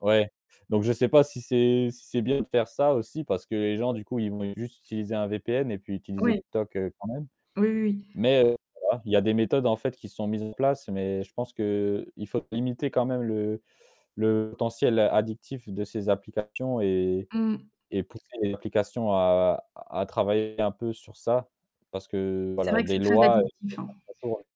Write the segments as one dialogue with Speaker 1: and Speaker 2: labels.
Speaker 1: Ouais, donc je sais pas si c'est si c'est bien de faire ça aussi parce que les gens du coup ils vont juste
Speaker 2: [unintelligible]
Speaker 1: utiliser un VPN et puis utiliser
Speaker 2: Ouais.
Speaker 1: TikTok quand même.
Speaker 2: Oui oui.
Speaker 1: Mais heu, voilà, il y a des méthodes en fait qui sont mises en place, mais je pense qu'il faut limiter quand même le le potentiel addictif de ces applications et
Speaker 2: Mmh.
Speaker 1: et pousser les applications à à travailler un peu sur ça, parce que
Speaker 2: C'est
Speaker 1: voilà,
Speaker 2: vrai que
Speaker 1: des
Speaker 2: c'est très
Speaker 1: lois,
Speaker 2: addictif, hein.
Speaker 1: [unintelligible]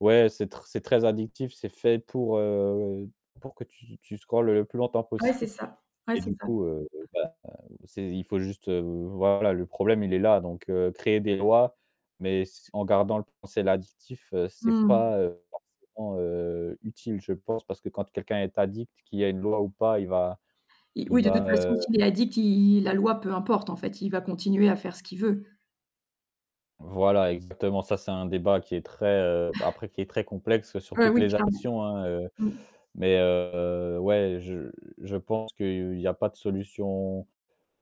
Speaker 1: ouais, c'est c'est très addictif, c'est fait pour, heu, pour que tu tu scrolles le plus longtemps
Speaker 2: Ouais, c'est
Speaker 1: possible
Speaker 2: ça ouais,
Speaker 1: et
Speaker 2: c'est
Speaker 1: du
Speaker 2: ça.
Speaker 1: coup, heu, bah, c'est, il faut juste, voilà le problème il est là donc heu, créer des lois mais c en gardant le potentiel addictif, c'est
Speaker 2: Mmh.
Speaker 1: pas, heu, forcément, heu, utile je pense, parce que quand quelqu'un est addict, qu'il y a une loi ou pas, il va
Speaker 2: Il
Speaker 1: il
Speaker 2: oui, de
Speaker 1: va,
Speaker 2: toute
Speaker 1: heu
Speaker 2: façon, s'il est addict, il la loi, peu importe, en fait, il va continuer à faire ce qu'il veut.
Speaker 1: Voilà, exactement, ça c'est un débat qui est très, heu, après qui est très complexe sur
Speaker 2: Heu,
Speaker 1: toutes
Speaker 2: oui,
Speaker 1: les
Speaker 2: clairement,
Speaker 1: actions, hein, heu,
Speaker 2: mmh.
Speaker 1: mais heu, ouais, je je pense qu'il y a pas de solution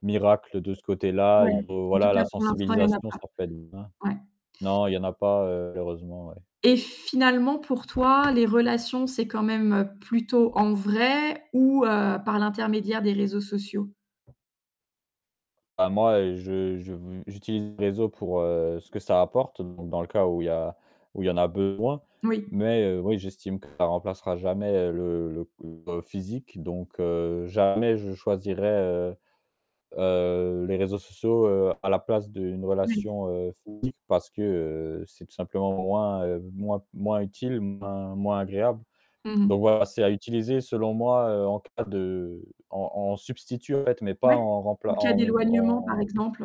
Speaker 1: miracle de ce côté-là,
Speaker 2: Ouais,
Speaker 1: il faut,
Speaker 2: en tout
Speaker 1: voilà
Speaker 2: cas,
Speaker 1: la
Speaker 2: pour l'instant, il y en a
Speaker 1: sensibilisation,
Speaker 2: pas.
Speaker 1: ça peut être [unintelligible]
Speaker 2: Ouais.
Speaker 1: non, il y en a pas, malheureusement, ouais.
Speaker 2: Et finalement pour toi, les relations, c'est quand même, heu, plutôt en vrai ou heu, par l'intermédiaire des réseaux sociaux?
Speaker 1: Bah, moi, je je, j'utilise les réseaux pour, heu, ce que ça apporte, donc dans le cas où il y a où il y en a besoin,
Speaker 2: Oui.
Speaker 1: mais heu, oui, j'estime que ça remplacera jamais le le le physique, donc heu, jamais je choisirai, heu heu, les réseaux sociaux, heu, à la place d'une
Speaker 2: Oui.
Speaker 1: relation physique parce que, heu, c'est tout simplement moins moins moins utile, moins moins agréable.
Speaker 2: Mmh
Speaker 1: Donc
Speaker 2: mh.
Speaker 1: voilà, c'est à utiliser selon moi en cas de en en substitut en fait, mais pas
Speaker 2: Ouais,
Speaker 1: en remp
Speaker 2: en cas
Speaker 1: en
Speaker 2: d'éloignement par
Speaker 1: en
Speaker 2: exemple.